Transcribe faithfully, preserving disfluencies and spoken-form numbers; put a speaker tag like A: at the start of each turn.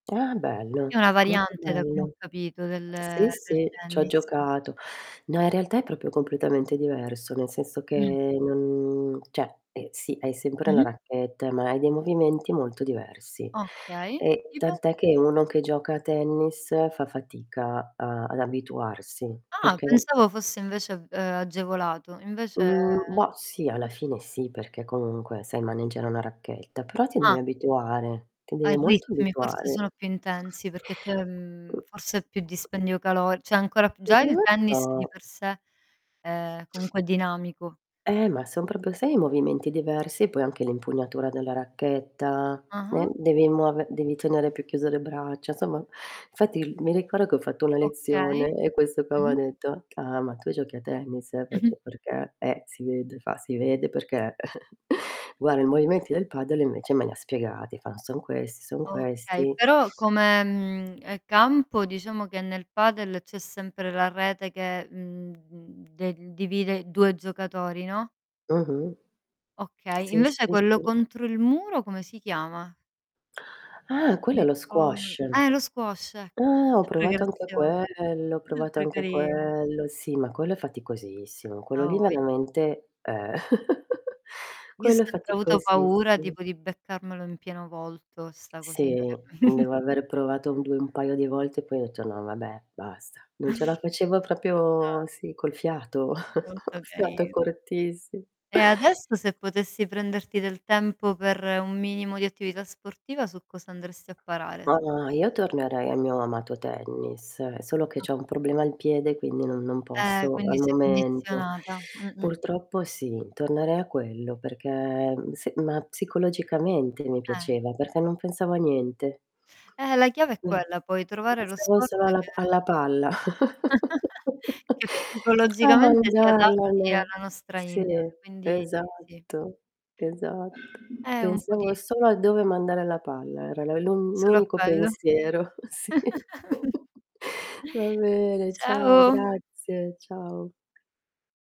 A: Ah, bello,
B: È una
A: molto
B: variante, da come ho
A: bello.
B: capito, del
A: Sì,
B: del
A: sì, c'ho
B: tennis.
A: giocato. No, in realtà è propio completamente diverso, nel senso che
B: Mh.
A: non ceh eh, sì hai sempre la
B: Mh-mh.
A: racchetta, ma hai dei movimenti molto diversi
B: Okay.
A: e
B: Tipo?
A: tant'è che uno che gioca a tennis fa fatica a ad abituarsi
B: Ah,
A: perché
B: pensavo fosse invece a ehm, agevolato. Invece
A: Mhmm, bah, sì alla fine sì, perché comunque sai maneggiare una racchetta, però ti
B: Ah.
A: devi abituare, ti
B: Ah,
A: devi
B: i
A: molto
B: ritmi forse sono
A: abituare.
B: più intensi perché c'è,
A: Mh
B: mhmm, forse più dispendio calor ceh ancora p
A: Mh,
B: già il
A: non
B: tennis di
A: so.
B: per sé, ehm, comunque è dinamico.
A: Eh, ma son propio, sai, i movimenti diversi, poi anche l'impugnatura della racchetta,
B: Ah-ah.
A: eh, devi muove devi tenere più chiuse le braccia, somma, fatti il mi ricordo che ho fatto una
B: Okay.
A: lezione e questo qua m'ha
B: Mh-mh.
A: detto: "Ah c ah, ma tu giochi a tennis?" E io
B: Mh-mh.
A: faccio: "Perché?" "Eh, si vede." Fa: "Si vede perché" Guarda i movimenti del padel invece me li spiegati. Fa: "Son questi, son
B: Okay,
A: questi".
B: però come, mhmm, ehm, campo, diciamo, che nel padel c'è sempre la rete che, mhmm, mhmm, di divide due giocatori, no?
A: Mh-mh.
B: Okay,
A: Sì,
B: invece
A: sì,
B: quello
A: sì.
B: contro il muro come si chiama?
A: Ah, quello è
B: Mi
A: lo
B: ricor
A: squash.
B: eh, lo squash ec
A: Ah, ho
B: questo è pure
A: provato anche
B: grazio
A: quello, ho
B: [unintelligible]
A: provato
B: pare
A: anche
B: carino.
A: quello. Sì, ma quello è faticosissimo. Quello
B: A
A: lì nella
B: voi
A: mente, ehm
B: Io ho
A: quello è
B: sempre avuto
A: faticosissim
B: paura tipo di beccarmelo in pieno volto 'sta
A: Sì,
B: cosina che
A: devo aver provato un du un paio di volte poi ho detto: "No vabbè, basta". Non ce la facevo propio,
B: Ah.
A: sì, col fiato,
B: Molto
A: fiato
B: carin
A: cortissim
B: E adesso se potessi prenderti del tempo per un minimo di attività sportiva su cosa andresti a parare se
A: Ah, io tornerei al mio amato tennis, solo che
B: Ah.
A: c'ho un problema al piede, quindi non non
B: Eh,
A: posso al
B: quindi sei
A: momento.
B: condizionata. Mh-mh.
A: Purtroppo sì, tornerei a quello perché, s ma psicologicamente mi
B: Eh.
A: piaceva, perché non pensavo a niente.
B: Eh, la chiave è
A: Mh.
B: quella poi, trovare lo
A: Pensavo
B: sport
A: solo
B: che
A: alla alla palla.
B: che psicologicamente si adatti
A: [unintelligible]
B: alla nostra
A: Sì,
B: indole, quindi sì.
A: esatto, esatto.
B: Eh, un po' di
A: Pensavo solo a dove mandare la palla, era l'u
B: Solo
A: l'unico
B: quello?
A: pensiero. Sì. Va bene, ciao,
B: Ciao.
A: grazie, ciao.